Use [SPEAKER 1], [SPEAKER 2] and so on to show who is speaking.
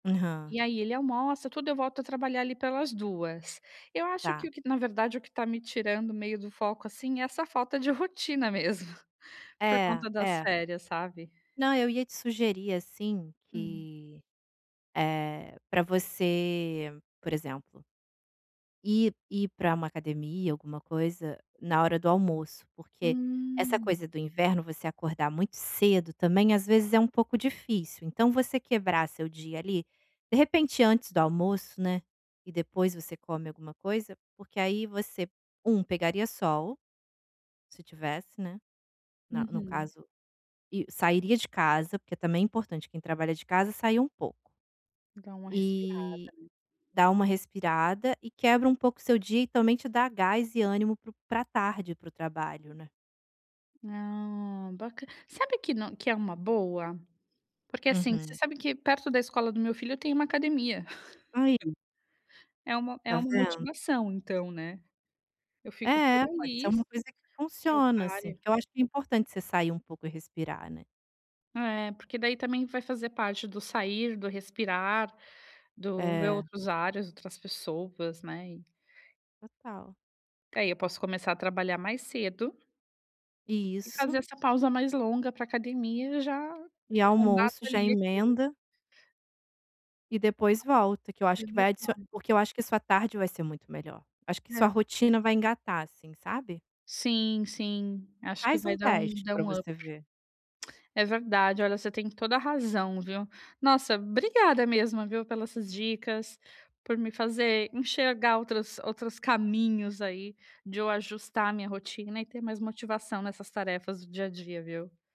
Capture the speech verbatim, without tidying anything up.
[SPEAKER 1] Aham.
[SPEAKER 2] E aí ele almoça, tudo, eu volto a trabalhar ali pelas duas. Eu acho que
[SPEAKER 1] Tá.
[SPEAKER 2] o que na verdade o que tá me tirando meio do foco, assim, é essa falta de rotina mesmo, por
[SPEAKER 1] É,
[SPEAKER 2] conta das
[SPEAKER 1] é.
[SPEAKER 2] férias, sabe.
[SPEAKER 1] Não, eu ia te sugerir, assim,
[SPEAKER 2] Hum.
[SPEAKER 1] que, eh, pra você, por exemplo ir ir pra uma academia, alguma coisa, na hora do almoço, porque essa
[SPEAKER 2] Hum.
[SPEAKER 1] coisa do inverno, você acordar muito cedo também, às vezes, é um pouco difícil, então você quebrar seu dia, ali, de repente antes do almoço, né, e depois você come alguma coisa, porque aí você, um, pegaria sol, se tivesse, né, na no
[SPEAKER 2] Uhum.
[SPEAKER 1] caso, e sairia de casa, porque também é importante quem trabalha de casa sair um pouco.
[SPEAKER 2] E dar uma respirada,
[SPEAKER 1] Eh,
[SPEAKER 2] né.
[SPEAKER 1] dá uma respirada, e quebra um pouco o seu dia e também te dá gás e ânimo para o pra tarde, para o trabalho né.
[SPEAKER 2] Ah, baca sabe que nã que é uma boa. Porque assim, você
[SPEAKER 1] Uhum.
[SPEAKER 2] sabe que perto da escola do meu filho eu tenho uma academia.
[SPEAKER 1] Aí.
[SPEAKER 2] É uma é
[SPEAKER 1] Tá
[SPEAKER 2] uma
[SPEAKER 1] vendo.
[SPEAKER 2] motivação, então, né. Eu fico por
[SPEAKER 1] É, pode ser
[SPEAKER 2] ali,
[SPEAKER 1] uma
[SPEAKER 2] s
[SPEAKER 1] coisa que
[SPEAKER 2] que eu
[SPEAKER 1] funciona, assim,
[SPEAKER 2] pare
[SPEAKER 1] porque eu acho que é importante você sair um pouco e respirar, né.
[SPEAKER 2] É, porque daí também vai fazer parte do sair, do respirar, do ver
[SPEAKER 1] É.
[SPEAKER 2] outros ares, outras pessoas, né, e
[SPEAKER 1] Total.
[SPEAKER 2] É, e eu posso começar a trabalhar mais cedo e fazer
[SPEAKER 1] Isso.
[SPEAKER 2] essa pausa mais longa pra academia já
[SPEAKER 1] E
[SPEAKER 2] que já mato,
[SPEAKER 1] almoço, já
[SPEAKER 2] ali, aquilo.
[SPEAKER 1] emenda. E depois volta, que eu acho
[SPEAKER 2] É
[SPEAKER 1] que vai adicio
[SPEAKER 2] verdade.
[SPEAKER 1] porque eu acho que isso sua tarde vai ser muito melhor. Acho que sua
[SPEAKER 2] É.
[SPEAKER 1] rotina vai engatar, assim, sabe.
[SPEAKER 2] Sim, sim, acho que
[SPEAKER 1] Faz
[SPEAKER 2] vai
[SPEAKER 1] um
[SPEAKER 2] dar um
[SPEAKER 1] teste
[SPEAKER 2] dar
[SPEAKER 1] pra
[SPEAKER 2] um up.
[SPEAKER 1] você ver.
[SPEAKER 2] É verdade. Olha, você tem toda a razão, viu. Nossa, obrigada mesmo, viu, pelas essas dicas, por me fazer enxergar outras outros caminhos aí, de eu ajustar a minha rotina e ter mais motivação nessas tarefas do dia a dia, viu.